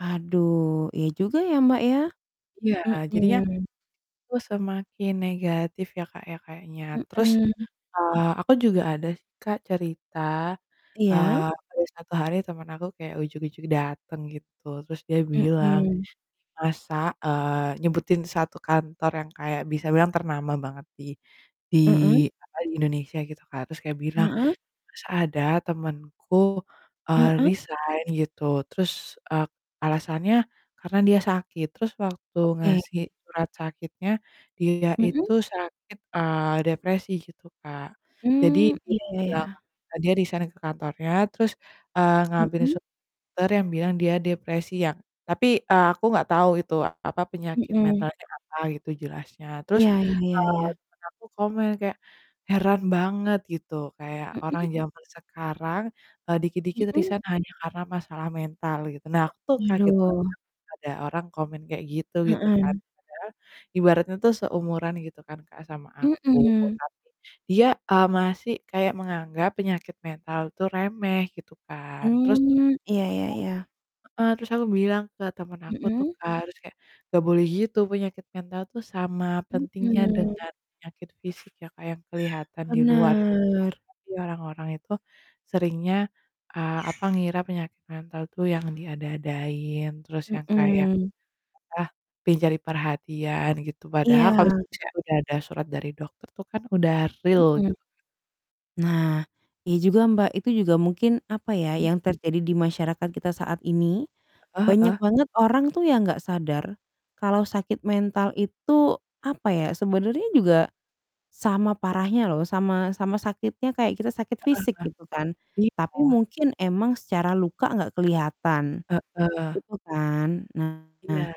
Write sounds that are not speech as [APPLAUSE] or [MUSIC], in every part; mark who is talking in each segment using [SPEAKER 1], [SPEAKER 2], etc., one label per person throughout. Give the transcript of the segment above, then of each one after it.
[SPEAKER 1] Aduh, iya juga ya, Mbak ya,
[SPEAKER 2] Iya, jadinya,
[SPEAKER 1] mhm.
[SPEAKER 2] aku semakin negatif ya, Kak, ya kayaknya, terus,
[SPEAKER 1] Mhm.
[SPEAKER 2] eee, aku juga ada sih, Kak, cerita,
[SPEAKER 1] Iya.
[SPEAKER 2] eee, ada 1 hari temen aku kayak ujug-ujug dateng gitu terus dia bilang,
[SPEAKER 1] Mhm.
[SPEAKER 2] masak, eee, nyebutin 1 kantor yang kayak bisa bilang ternama banget di di
[SPEAKER 1] Mhm.
[SPEAKER 2] apa di Indonesia gitu, Kak, terus kayak bilang,
[SPEAKER 1] Heeh.
[SPEAKER 2] masa ada temenku, eee,
[SPEAKER 1] Heeh.
[SPEAKER 2] resign gitu, terus, eee, alasannya karena dia sakit, terus waktu ngasih
[SPEAKER 1] Oke.
[SPEAKER 2] surat sakitnya, dia
[SPEAKER 1] Mhm.
[SPEAKER 2] itu sakit, eee, depresi gitu, Kak. Jadi
[SPEAKER 1] Mmm, iya, ya ya.
[SPEAKER 2] [UNINTELLIGIBLE] dia resign ke kantornya terus, eee, ngambil
[SPEAKER 1] Mhm.
[SPEAKER 2] surat dokter yang bilang dia depresi yang tapi, eee, aku nggak tau itu apa penyakit
[SPEAKER 1] Mhm.
[SPEAKER 2] mentalnya apa gitu jelasnya, terus,
[SPEAKER 1] Iya, ya ya
[SPEAKER 2] eee,
[SPEAKER 1] ya.
[SPEAKER 2] temen aku komen kayak, "Heran banget," gitu, kayak, "orang
[SPEAKER 1] Mhm.
[SPEAKER 2] zaman sekarang, eee, dikit-dikit
[SPEAKER 1] Mhm.
[SPEAKER 2] resign hanya karena masalah mental," gitu. Nah aku tuh kaget banget
[SPEAKER 1] Aduh.
[SPEAKER 2] ada orang komen kayak gitu, gitu kan,
[SPEAKER 1] Heeh.
[SPEAKER 2] padahal ibaratnya tuh seumuran gitu kan, Kak, sama aku
[SPEAKER 1] Mhm.
[SPEAKER 2] tapi dia, eee, masih kayak menganggap penyakit mental tuh remeh gitu kan terus
[SPEAKER 1] Mmm, iya iya iya.
[SPEAKER 2] [UNINTELLIGIBLE] Heeh, terus aku bilang ke temen aku tuh,
[SPEAKER 1] Mhm.
[SPEAKER 2] Kak, terus kayak, "Gak boleh gitu, penyakit mental tuh sama pentingnya
[SPEAKER 1] Mhm.
[SPEAKER 2] dengan penyakit fisik," ya Kak yang kelihatan di luar gitu,
[SPEAKER 1] Benar.
[SPEAKER 2] tapi orang-orang itu seringnya, eee, apa ngira penyakit mental tuh yang diada-adain terus yang kayak,
[SPEAKER 1] Mhm.
[SPEAKER 2] ah, pingin cari perhatian gitu padahal
[SPEAKER 1] Iya.
[SPEAKER 2] kalau misalnya udah ada surat dari dokter tuh kan udah real
[SPEAKER 1] Mhm.
[SPEAKER 2] gitu kan.
[SPEAKER 1] Nah, iya juga, Mbak itu juga mungkin apa ya,
[SPEAKER 2] Mhm.
[SPEAKER 1] yang terjadi di masyarakat kita saat ini,
[SPEAKER 2] Heeh
[SPEAKER 1] banyak
[SPEAKER 2] heeh.
[SPEAKER 1] banget orang tuh yang nggak sadar, kalau sakit mental itu, apa ya, sebenernya juga, sama parahnya loh sama-sama sakitnya kayak kita sakit
[SPEAKER 2] Heeh
[SPEAKER 1] fisik, gitu kan.
[SPEAKER 2] heeh, iya.
[SPEAKER 1] Tapi mungkin emang secara luka nggak kelihatan.
[SPEAKER 2] Heeh.
[SPEAKER 1] Gitu kan. Nah,
[SPEAKER 2] Iya.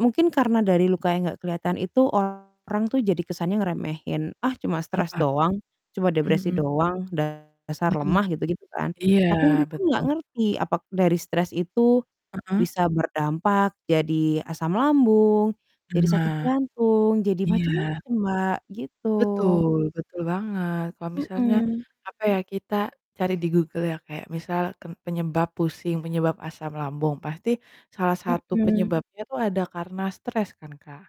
[SPEAKER 1] mungkin karena dari luka yang nggak kelihatan itu orang tuh jadi kesannya ngeremehin, "Ah, cuma
[SPEAKER 2] Heeh,
[SPEAKER 1] stres doang, cuma depresi
[SPEAKER 2] mhm.
[SPEAKER 1] doang, dasar
[SPEAKER 2] Mhm,
[SPEAKER 1] lemah," gitu gitu kan.
[SPEAKER 2] iya
[SPEAKER 1] Tapi mereka nggak
[SPEAKER 2] betul.
[SPEAKER 1] ngerti apakah dari stres itu,
[SPEAKER 2] Heeh.
[SPEAKER 1] bisa berdampak jadi asam lambung, jadi sakit
[SPEAKER 2] Nah,
[SPEAKER 1] jantung, jadi
[SPEAKER 2] iya.
[SPEAKER 1] macam-macam, Mbak, gitu.
[SPEAKER 2] Betul, betul banget, kalau misalnya,
[SPEAKER 1] Mhm.
[SPEAKER 2] apa ya, kita cari di Google ya kayak misal ten penyebab pusing, penyebab asam lambung, pasti salah satu
[SPEAKER 1] Mhm.
[SPEAKER 2] penyebabnya itu ada karena stres kan, Kak.